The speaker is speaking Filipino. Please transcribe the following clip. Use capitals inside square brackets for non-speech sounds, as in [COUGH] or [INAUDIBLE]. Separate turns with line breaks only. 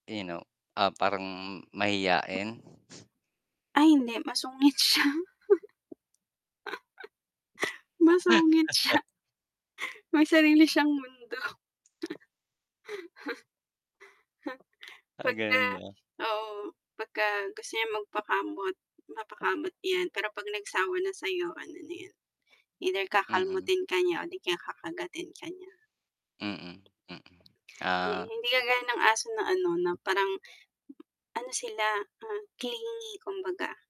You know? Ah, parang mahiyain?
Ay hindi, masungit siya. [CHUCKLES] [LAUGHS] Masungit siya.
[CHUCKLES]
May sarili siyang mundo. [LAUGHS]
Ah,
Pagka
ganun ba?
oo, pagka gusto niyang magpakamot, napakamot 'yan. Pero 'pag nagsawa na sa'yo ano na yun, either
Mm.
kakalmutin ka niya o di kaya kakagatin ka niya.
Mm. Mm.
Hi
Ah.
hindi kagaya ng aso na ano, na parang ano sila, ah, clingy, kumbaga.